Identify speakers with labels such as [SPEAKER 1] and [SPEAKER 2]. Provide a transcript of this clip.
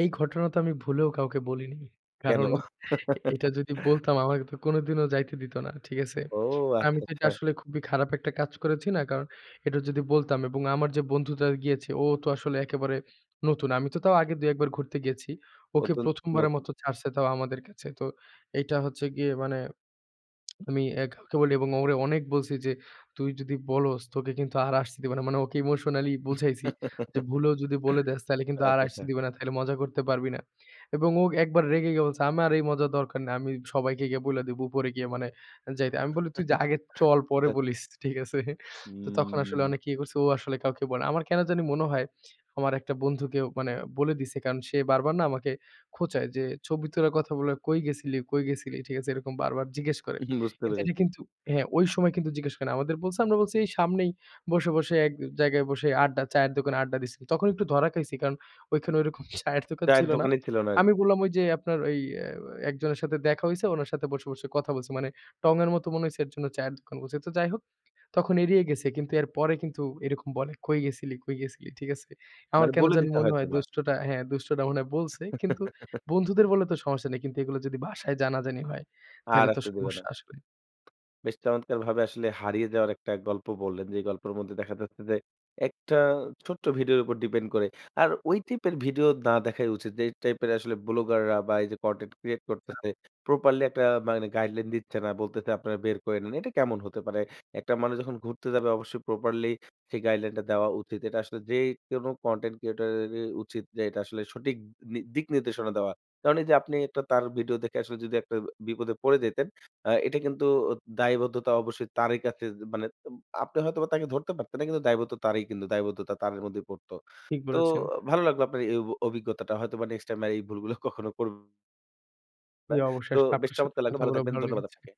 [SPEAKER 1] এই ঘটনা তো আমি ভুলেও কাউকে বলিনি।
[SPEAKER 2] কেন?
[SPEAKER 1] কারণ এটা যদি বলতাম আমাকে তো কোনদিনও যাইতে দিত না। ঠিক আছে?
[SPEAKER 2] ও!
[SPEAKER 1] আমি
[SPEAKER 2] আচ্ছা,
[SPEAKER 1] তো এটা
[SPEAKER 2] আচ্ছা।
[SPEAKER 1] আসলে খুবই খারাপ একটা কাজ করেছি না? কারণ এটা যদি বলতাম এবং আমার যে বন্ধুটা গিয়েছে ও তো আসলে একেবারে নতুন। আমি তো তাও আগে ২-১ বার ঘুরতে গিয়েছি। ওকে
[SPEAKER 2] অতুন
[SPEAKER 1] ১ম বারের
[SPEAKER 2] নতুন।
[SPEAKER 1] মতো ছাড়ছে তাও আমাদের কাছে। তো এইটা হচ্ছে গিয়ে মানে আমি অ্যা কাউকে বলি এবং ওরে অনেক বলছি যে, "তুই যদি বলস তোকে কিন্তু আর আসতে দিবে না।" মানে ওকে emotionally বুঝাইছি
[SPEAKER 2] আচ্ছা,
[SPEAKER 1] যে "ভুলও যদি বলে দেস তাইলে কিন্তু আর আসতে
[SPEAKER 2] আচ্ছা।
[SPEAKER 1] দিবে না।" তাইলে মজা করতে পারবি না এবং ও একবার রেগে গিয়ে বলছে "আমার এই মজার দরকার নেই। আমি সবাইকে গিয়া বইলা দিবো, উপরে গিয়ে মানে যাই।" আমি বলি, "তুই যা আগে চল পরে
[SPEAKER 2] আচ্ছা, আচ্ছা।
[SPEAKER 1] বলিস।" ঠিক আছে? তো তখন আসলে
[SPEAKER 2] উম
[SPEAKER 1] অনেক ইয়ে করছে ও আসলে কাউকে বলে না। আমার কেন জানি মনে হয়, আমার একটা বন্ধুকে ও মানে বলে দিছে কারণ সে বারবার না আমাকে খোঁচায়, যে "ছবি তোলার কথা বলে কই গেছিলি, কই গেছিলি।" ঠিক আছে? এরকম বারবার জিজ্ঞেস করে।
[SPEAKER 2] উহু। বুঝতে
[SPEAKER 1] কিন্তু এটা
[SPEAKER 2] পেরেছি।
[SPEAKER 1] কিন্তু হ্যাঁ, ঐ সময় কিন্তু জিজ্ঞেস করে না। আমাদের বলছে, আমরা বলছি, এই "সামনেই বসে, বসে এক জায়গায় বসে আড্ডা চায়ের দোকানে আড্ডা দিছি।" তখন একটু ধরা খাইছি কারণ ঐখানে ওরকম চায়ের দোকান
[SPEAKER 2] চায়ের
[SPEAKER 1] ছিল না।
[SPEAKER 2] দোকানই ছিল না আরকি।
[SPEAKER 1] আমি বললাম, "ওই যে আপনার ওই অ্যা একজনের সাথে দেখা হইছে, উনার সাথে বসে, বসে কথা বলছি।" মানে টঙের মতো মনে হইছে এর জন্য চায়ের দোকান বলছি। অ্যা তো যাই হোক, তখন এড়িয়ে গেছে। কিন্তু এর পরে কিন্তু এরকম বলে, "কই গেছিলি? কই গেছিলি?" ঠিক আছে? আমার
[SPEAKER 2] মানে
[SPEAKER 1] কেন
[SPEAKER 2] বলে
[SPEAKER 1] জানি
[SPEAKER 2] দিতো
[SPEAKER 1] মনে হয়
[SPEAKER 2] হয়তোবা।
[SPEAKER 1] দুষ্টটা হ্যাঁ, দুষ্টটা মনে হয় বলছে। কিন্তু বন্ধুদের বললে তো সমস্যা নাই। কিন্তু এগুলো যদি বাসায় জানাজানি হয়,
[SPEAKER 2] আর
[SPEAKER 1] তাইলে তো
[SPEAKER 2] আসতে দেবে না।
[SPEAKER 1] সমস্যা আসবে।
[SPEAKER 2] বেশ চমৎকারভাবে আসলে হারিয়ে যাওয়ার একটা গল্প বললেন। যেই গল্পের মধ্যে দেখা যাচ্ছে যে একটা ছোট্ট ভিডিওর উপর ডিপেন্ড করে। আর ওই টাইপের ভিডিও না দেখাই উচিত। যে টাইপের আসলে ব্লগার বা এই যে কনটেন্ট ক্রিয়েট করতেছে প্রপারলি একটা মানে গাইডলাইন দিচ্ছে না। বলতেছে আপনারা বের করে নেন। এটা কেমন হতে পারে। একটা মানুষ যখন ঘুরতে যাবে অবশ্যই প্রপারলি সেই guideline টা দেওয়া উচিত। এটা আসলে যে কোন কনটেন্ট ক্রিয়েটরই উচিত যে এটা আসলে সঠিক নি দিক নির্দেশনা দেওয়া। কারণ এইযে আপনি তার ভিডিও দেখে আসলে যদি একটা বিপদে পড়ে যেতেন, আ এটা কিন্তু দায়বদ্ধতা অবশ্যই তারই কাছে যে মানে তুম আপনি হয়তোবা তাকে ধরতে পারতেন না। কিন্তু দায়বদ্ধ তারই কিন্তু দায়বদ্ধতা তারের মধ্যে পড়তো।
[SPEAKER 1] ঠিক
[SPEAKER 2] তো
[SPEAKER 1] বলেছেন।
[SPEAKER 2] ভালো লাগলো আপনার এই অ অভিজ্ঞতাটা হয়তোবা নেক্সট টাইম আর ভুলগুলা কখনো কর না
[SPEAKER 1] জি, অবশ্যই।
[SPEAKER 2] তো
[SPEAKER 1] আসলে
[SPEAKER 2] বেশ
[SPEAKER 1] আপনার সাথে
[SPEAKER 2] চমৎকার লাগলো!
[SPEAKER 1] কথা
[SPEAKER 2] ভালো
[SPEAKER 1] বলেও
[SPEAKER 2] থাকবেন।
[SPEAKER 1] ভালো
[SPEAKER 2] ধন্যবাদ
[SPEAKER 1] লেগেছে।
[SPEAKER 2] আপনাকে।